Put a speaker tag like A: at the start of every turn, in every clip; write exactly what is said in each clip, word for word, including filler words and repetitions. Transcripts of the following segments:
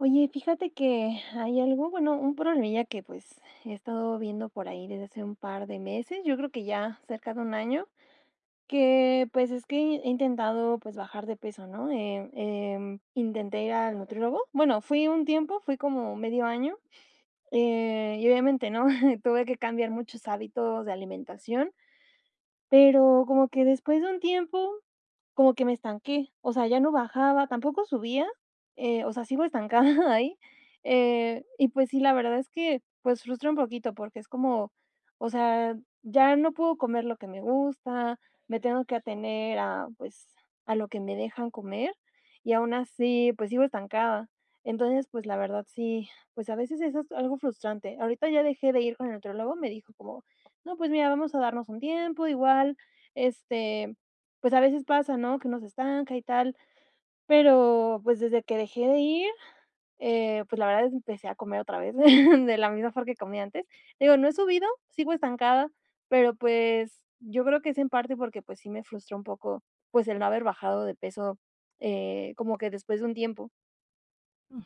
A: Oye, fíjate que hay algo bueno, un problemilla que, pues, he estado viendo por ahí desde hace un par de meses, yo creo que ya, cerca de un año. Que, pues, es que he intentado, pues, bajar de peso, ¿no? Eh, em, intenté ir al nutriólogo bueno, fui un tiempo, fui como medio año, eh, y obviamente, ¿no? Tuve que cambiar muchos hábitos de alimentación, pero como que después de un tiempo, como que me estanqué, o sea, ya no bajaba, tampoco subía, eh, o sea, sigo estancada ahí. Eh, y, pues sí, la verdad es que, pues, frustra un poquito, porque es como o sea, ya no puedo comer lo que me gusta, me tengo que atener a, pues, a lo que me dejan comer, y aun así, pues, sigo estancada. Entonces, pues, la verdad sí, pues, a veces eso es algo frustrante, ahorita ya dejé de ir con el nutriólogo, me dijo como: "No, pues, mira, vamos a darnos un tiempo, igual, este, pues, a veces pasa, ¿no? Que uno se estanca y tal". Pero, pues, desde que dejé de ir, eh, pues la verdad empecé a comer otra vez de la misma for que comía antes. Digo, no he subido, sigo estancada, pero, pues, yo creo que es en parte, porque, pues sí me frustra un poco, pues, el no haber bajado de peso, eh, como que después de un tiempo.
B: Ujú.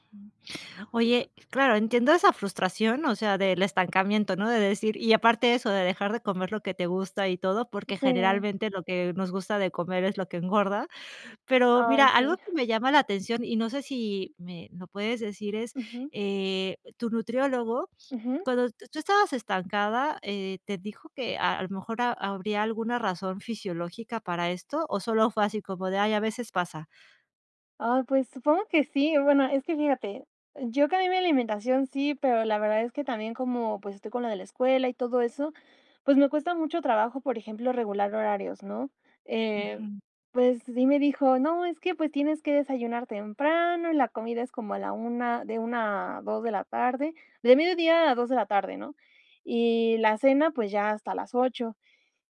B: Oye, claro, entiendo esa frustración, o sea, del estancamiento, ¿no? De decir y aparte eso, de dejar de comer lo que te gusta y todo, porque
A: Sí.
B: generalmente lo que nos gusta de comer es lo que engorda. Pero
A: Ay,
B: mira, algo
A: sí.
B: que me llama la atención, y no sé, si me lo puedes decir es
A: Ujú.
B: eh, tu nutriólogo,
A: Ujú.
B: cuando tu tú estabas estancada, eh, ¿te dijo que a lo mejor a habría alguna razón fisiológica para esto? O solo fue así como de: "Ay, a veces pasa".
A: Ay, pues, supongo que sí. O bueno, es que fíjate, yo cambié mi alimentación, sí, pero la verdad es que también como, pues, estoy con lo de la escuela y todo eso, pues, me cuesta mucho trabajo, por ejemplo, regular horarios, ¿no? Eh,
B: Ujú.
A: pues, sí me dijo: "No, es que, pues, tienes que desayunar temprano, la comida es como a la una de una a dos de la tarde, de mediodia a dos de la tarde, ¿no? Y la cena, pues, ya hasta las ocho".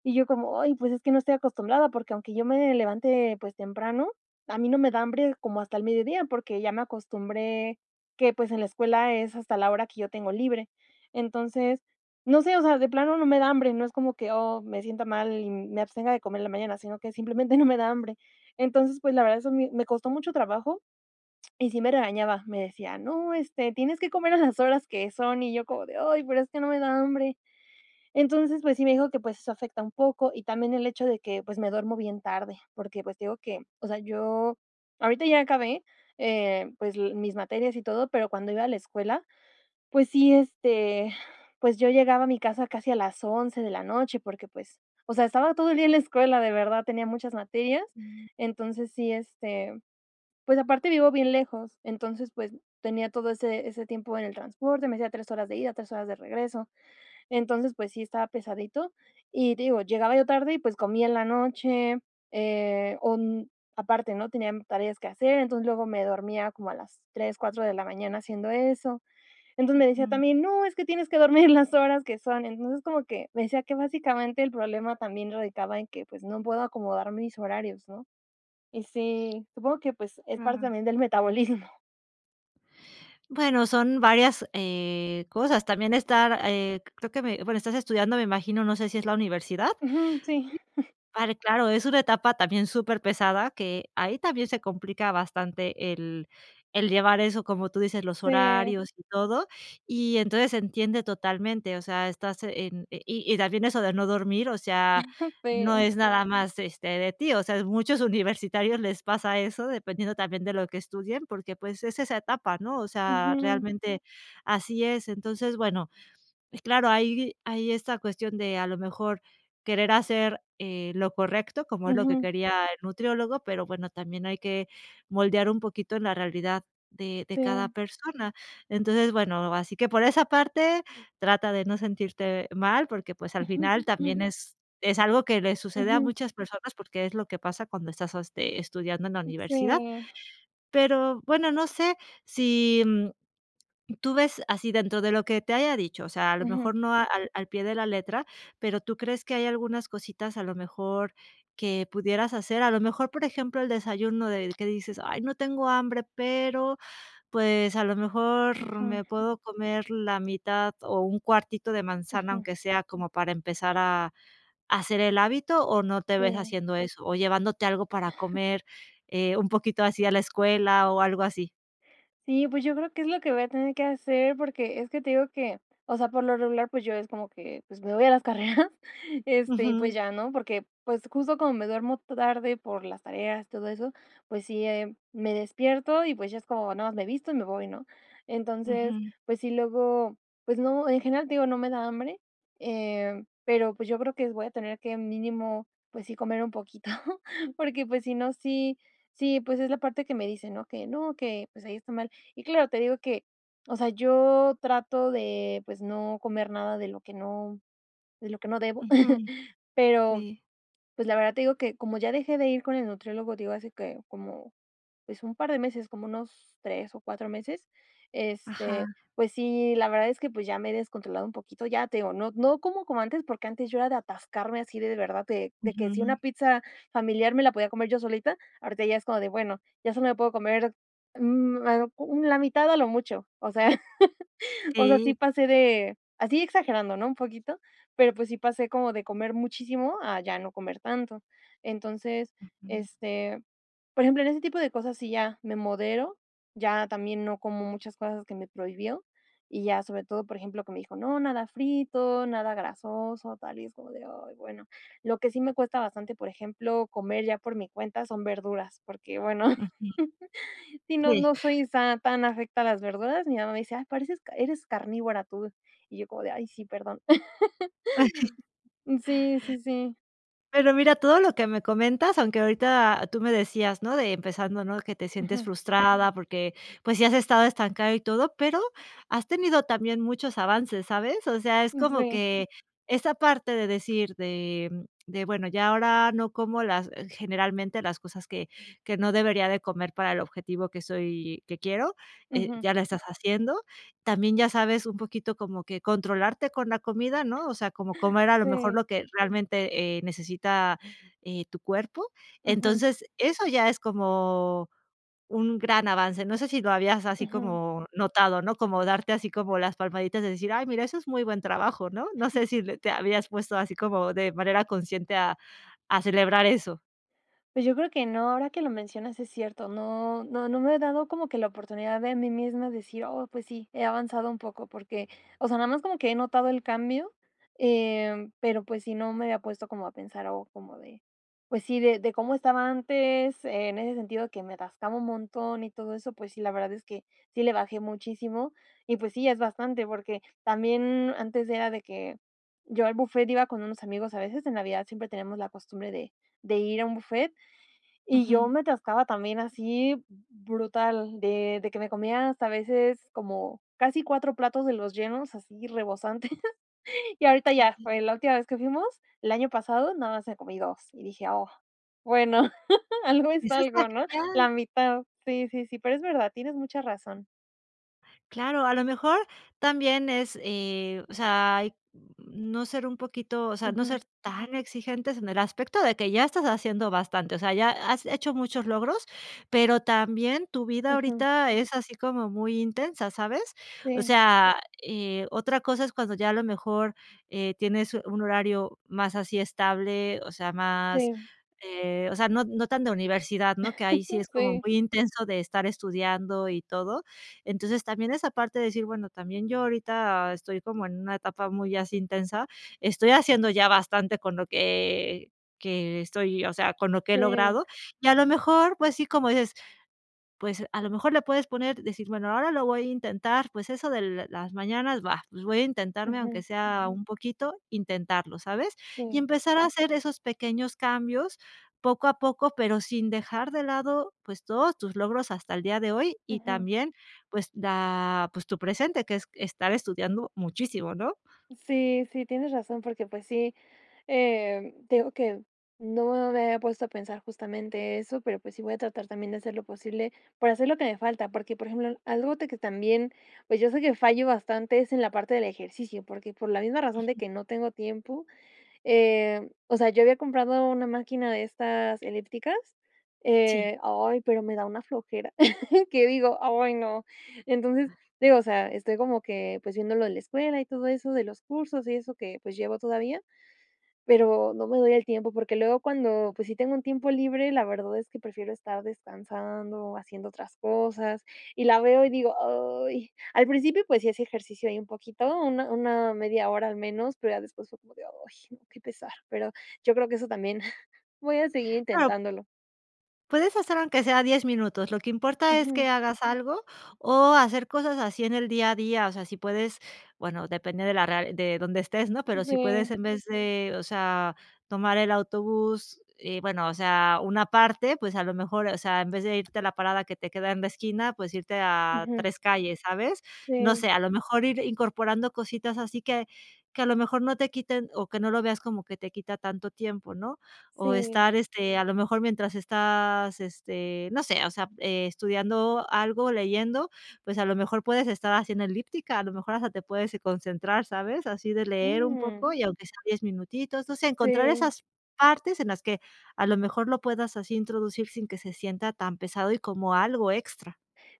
A: Y yo como: "Ay, pues, es que no estoy acostumbrada, porque aunque yo me levante, pues, temprano, a mí no me da hambre como hasta el mediodía, porque ya me acostumbré que pues, en la escuela es hasta la hora que yo tengo libre". Entonces, no sé, o sea, de plano no me da hambre, no es como que: "Oh, me siento mal", y me abstenga de comer en la mañana, sino que simplemente no me da hambre. Entonces, pues, la verdad eso mi me costó mucho trabajo y sí me regañaba. Me decía: "No, este, tienes que comer a las horas que son". Y yo como de: "Ay, pero es que no me da hambre". Entonces, pues sí, me dijo que, pues eso afecta un poco y también el hecho de que, pues me duermo bien tarde, porque, pues te digo que, o sea, yo ahorita ya acabé, eh, pues l mis materias y todo, pero cuando iba a la escuela, pues sí, este, pues, yo llegaba a mi casa casi a las once de la noche. Porque, pues, o sea, estaba todo el día en la escuela, de verdad, tenía muchas materias.
B: Mm.
A: Entonces, sí, este, pues, aparte vivo bien lejos. Entonces, pues, tenía todo ese ese tiempo en el transporte, me hacía tres horas de ida, tres horas de regreso. Entonces, pues sí, estaba pesadito y, digo, llegaba yo tarde y, pues, comía en la noche, eh, on aparte, ¿no? Tenía tareas que hacer, entonces, luego me dormía como a las tres, cuatro de la mañana haciendo eso. Entonces, me decía
B: Ujú.
A: también: "No, es que tienes que dormir en las horas que son". Entonces, como que me decía que básicamente el problema también radicaba en que, pues, no puedo acomodar mis horarios, ¿no? Y sí, supongo que, pues, es parte
B: Claro.
A: también del metabolismo.
B: Bueno, son varias, eh, cosas. También estar eh, creo que me bueno, estás estudiando, me imagino, no sé si es la universidad,
A: Ujú. Sí.
B: y [unintelligible] claro, es una etapa también superpesada, que ahí también se complica bastante el el llevar eso, como tú dices, los
A: Sí.
B: horarios y todo. Y entonces, se entiende totalmente, o sea, estás en y y también eso de no dormir, o sea, no
A: Sí.
B: es nada más, este, de ti. O sea, muchos universitarios les pasa eso, dependiendo también de lo que estudian, porque, pues, es esa etapa, ¿no?, o sea,
A: Ujú.
B: realmente así es. Entonces, bueno, claro, hay hay esta cuestión de a lo mejor querer hacer, eh, lo correcto, como es lo que
A: Ujú.
B: quería el nutriólogo, pero bueno, también hay que moldear un poquito en la realidad de de cada
A: Sí.
B: persona. Entonces, bueno, así que por esa parte trata de no sentirte mal, porque, pues, al final también es es algo que le sucede a
A: Ujú.
B: muchas personas, porque es lo que pasa cuando estás, este, estudiando en la
A: Uh,
B: universidad.
A: sí.
B: Pero bueno, no sé, si, mm, tú ves así dentro de lo que te haya dicho, o sea, a lo
A: Ujú.
B: mejor no al al pie de la letra, pero, ¿tú crees que hay algunas cositas a lo mejor que pudieras hacer, a lo mejor, por ejemplo, el desayuno del que dices: "Ay, no tengo hambre, pero, pues, a lo mejor
A: Ujú.
B: me puedo comer la mitad, o un cuartito de manzana",
A: Ujú.
B: aunque sea como para empezar a hacer el hábito, o no te ves
A: Sí.
B: haciendo eso. O llevándote algo para comer, eh, un poquito así a la escuela o algo así?
A: Sí, pues, yo creo que es lo que voy a tener que hacer, porque es que te digo que o sea, por lo regular, pues, yo es como que, pues, me voy a las carreras, este, y, pues,
B: Ujú.
A: ya, ¿no? Porque, pues, justo como me duermo ta tarde por las tareas, todo eso, pues sí, eh, me despierto, y, pues, ya es como, nada mas me visto y me voy, ¿no? Entonces,
B: Ujú.
A: pues sí, luego, pues no en general, te digo, no me da hambre, em, pero, pues, yo creo que voy a tener que mínimo, pues, sí comer un poquito, porque, pues, si no, sí, sí, pues, es la parte que me dice, ¿no?, que no, que, pues, ahí está mal. Y claro, te digo que, o sea, yo trato de, pues, no comer nada de lo que no de lo que no debo,
B: Ujú.
A: pero,
B: Sí.
A: pues, la verdad te digo que, como ya dejé de ir con el nutriólogo, digo, hace que como, pues, un par de meses, como unos tres o cuatro meses, este,
B: Ajá.
A: pues, sí, la verdad es que, pues, ya me he descontrolado un poquito. Ya, te digo, no no como como antes, porque antes yo era de atascarme así de verdad, de de que si una
B: Ujú.
A: pizza familiar me la podía comer yo solita, ahorita ya es como de, bueno, ya solo puedo comer, mm, la mitad a lo mucho. O sea, o sea, sí
B: Sí.
A: pasé de así, exagerando, no un poquito, pero, pues, sí pasé como de comer muchísimo a ya no comer tanto. Entonces,
B: Ujú.
A: este, por ejemplo, en ese tipo de cosas, sí, ya me modero, ya también no como muchas cosas que me prohibió y ya sobre todo, por ejemplo, que me dijo: "No, nada frito, nada grasoso", tal y es como de: "Ay, bueno". Lo que sí me cuesta bastante, por ejemplo, comer ya por mi cuenta son verduras porque, bueno,
B: Ujú.
A: si no
B: Sí.
A: no soy san a, tan afecta a las verduras. Mi mamá me dice: "Ay, pareces car eres carnívora tú". Y yo como de: "Ay sí, perdón". Sí, sí, sí.
B: Pero mira, todo lo que me comentas, aunque ahorita tú me decías, no de empezando, ¿no?, que te sientes
A: Ujú.
B: frustrada, porque, pues, sí has estado estancada y todo, pero has tenido también muchos avances, ¿sabes? O sea, es como
A: Sí.
B: que esa parte de decir de de bueno, ya, ahora no como las generalmente, las cosas que que no debería de comer para el objetivo que soy, que quiero, eh,
A: Ujú.
B: ya la estás haciendo. También ya sabes un poquito cómo que controlarte con la comida, ¿no? O sea, como comer a lo mejor
A: Sí.
B: lo que realmente, eh, necesita tu cuerpo.
A: Ujú.
B: Entonces, eso ya es como un gran avance. No sé si lo habías así
A: Ujú.
B: como notado, ¿no?, como darte así como las palmaditas de decir: "Ay, mira, eso es muy buen trabajo", ¿no? No sé, si te habías puesto así como de manera consciente a a celebrar eso.
A: Pues, yo creo que no, ahora que lo mencionas es cierto. No no no me he dado como que la oportunidad de mí misma decir: "Oh, pues, sí, he avanzado un poco". Porque, o sea, nada más como que he notado el cambio, em, pero, pues, sí, no me había puesto como a pensar, o como de, pues sí, de de cómo estaba antes, en ese sentido que me atascaba un montón y todo eso. Pues sí, la verdad es que sí le bajé muchísimo y, pues sí, es bastante, porque también antes era de que, yo al buffet, iba con unos amigos a veces en Navidad siempre tenemos la costumbre de de ir a un buffet, y yo
B: Ujú.
A: me atascaba también así brutal, de de que me comía hasta a veces como casi cuatro platos de los llenos, así rebosantes. Y ahorita
B: Sí,
A: ya
B: sí.
A: fue la última vez que fuimos el año pasado, nada más me comí dos, y dije: "Oh", bueno, algo es
B: Eso esta
A: algo, ¿no?,
B: genial.
A: la mitad, sí, sí, sí. Pero es verdad, tienes mucha razón.
B: Claro, a lo mejor también es eh, o sea, mm, no ser un poquito o sea, no
A: Ujú.
B: ser tan exigentes en el aspecto de que ya estás haciendo bastante. O sea, ya has hecho muchos logros, pero también tu vida
A: Ujú.
B: ahorita es así como muy intensa, ¿sabes? O
A: Sí.
B: sea, eh, otra cosa es cuando ya a lo mejor, eh, tienes un horario más así estable, o sea, más
A: Si.
B: eh, o sea, no no tan de universidad, ¿no? Que ahí sí es como
A: Sí.
B: muy intenso de estar estudiando y todo. Entonces, también es aparte decir, bueno, también yo ahorita estoy como en una etapa muy así intensa, estoy haciendo ya bastante con lo que que estoy O sea, con lo que he
A: Sí.
B: logrado y a lo mejor, pues sí, como dices, pues, a lo mejor le puedes poner decir: "Bueno, ahora lo voy a intentar", pues eso de las mañanas va, pues, voy a intentarme, aunque
A: Ujú.
B: sea un poquito, intentarlo, ¿sabes? Y
A: Si.
B: empezar a hacer esos pequeños cambios poco a poco, pero sin dejar de lado, pues todos tus logros hasta el día de hoy y
A: Ujú.
B: también, pues da, pues tu presente, que es estar estudiando muchísimo, ¿no?
A: Sí, sí, tienes razón, porque, pues, sí eh, te digo que no me había puesto a pensar justamente eso, pero, pues, sí voy a tratar también de hacer lo posible por hacer lo que me falta. Porque, por ejemplo, algo de que también, pues, yo sé que fallo bastante es en la parte del ejercicio. Porque por la misma razón de
B: Ujú.
A: que no tengo tiempo eh, o sea, yo había comprado una máquina de estas elípticas
B: Sí.
A: eh, ay, pero me da una flojera, que digo: "Ay, no". Entonces, digo, o sea estoy como que pues viéndolo de la escuela, y todo eso de los cursos. Y eso que, pues, llevo todavía, pero no me doy el tiempo, porque luego cuando, pues, sí tengo un tiempo libre, la verdad es que prefiero estar descansando o haciendo otras cosas. Y la veo y digo: "Ay". Al principio, pues, sí hace ejercicio ahí un poquito, una una media hora al menos, pero ya después fue como de: "Ay, no, qué pesar", pero yo creo que eso también voy a seguir
B: Claro.
A: intentándolo.
B: Puedes hacer aunque sea diez minutos. Lo que importa es que
A: Ujú.
B: hagas algo, o hacer cosas así en el día a día. O sea, si puedes bueno, depende de la r de donde estés, ¿no?, pero si puedes
A: Si.
B: en vez de, o sea, tomar el autobús eh, bueno, o sea, una parte, pues, a lo mejor, o sea, en vez de irte a la parada que te queda en la esquina, pues, irte a
A: Ujú.
B: tres calles, ¿sabes? No
A: Sí.
B: sé, a lo mejor ir incorporando cositas así que, que a lo mejor no te quiten o que no lo veas como que te quita tanto tiempo, ¿no? O
A: Sí.
B: estar, este, a lo mejor mientras estás este, no sé, o sea, estudiando algo, leyendo, pues, a lo mejor puedes estar haciendo elíptica, a lo mejor hasta te puedes y concentrar, ¿sabes? así de leer un
A: Mm.
B: poco, y aunque sea diez minutitos, no sé. Encontrar
A: Si.
B: esas partes en las que a lo mejor lo puedas así introducir sin que se sienta tan pesado y como algo extra.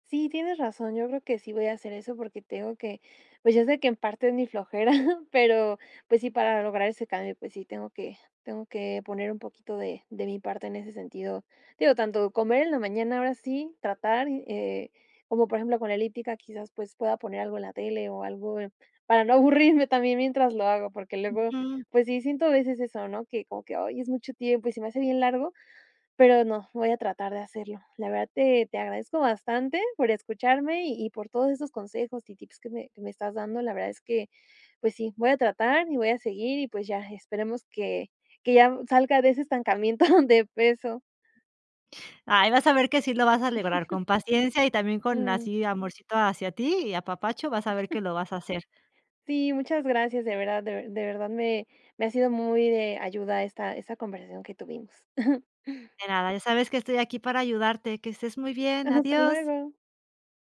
A: Sí, tienes razón, yo creo que sí voy a hacer eso, porque tengo que pues, yo sé que en parte es mi flojera, pero, pues, sí para lograr ese cambio, pues sí, tengo que tengo que poner un poquito de de mi parte en ese sentido. Digo, tanto comer en la mañana, ahora sí, tratar. Eh, como por ejemplo, con elíptica, quizás, pues, pueda poner algo en la tele, o algo para no aburrirme también mientras lo hago, porque luego,
B: Ujú.
A: pues, sí siento a veces eso, ¿no?, que como que hoy es mucho tiempo y se me hace bien largo. Pero no, voy a tratar de hacerlo. La verdad te te agradezco bastante por escucharme, y y por todos esos consejos y tips que me que me estás dando, La verdad es que, pues sí, voy a tratar y voy a seguir. Y, pues, ya esperemos que que ya salga de ese estancamiento de peso.
B: Ay, vas a ver que sí lo vas a a lograr con paciencia y también con
A: Mm.
B: así amorcito hacia ti, y apapacho vas a ver que lo vas a hacer.
A: Sí, muchas gracias, de verdad. De de verdad me me ha sido muy de ayuda esta esta conversación que tuvimos.
B: De nada, ya sabes que estoy aquí para ayudarte. Que estés muy
A: Ha
B: bien.
A: hasta
B: Adiós.
A: luego.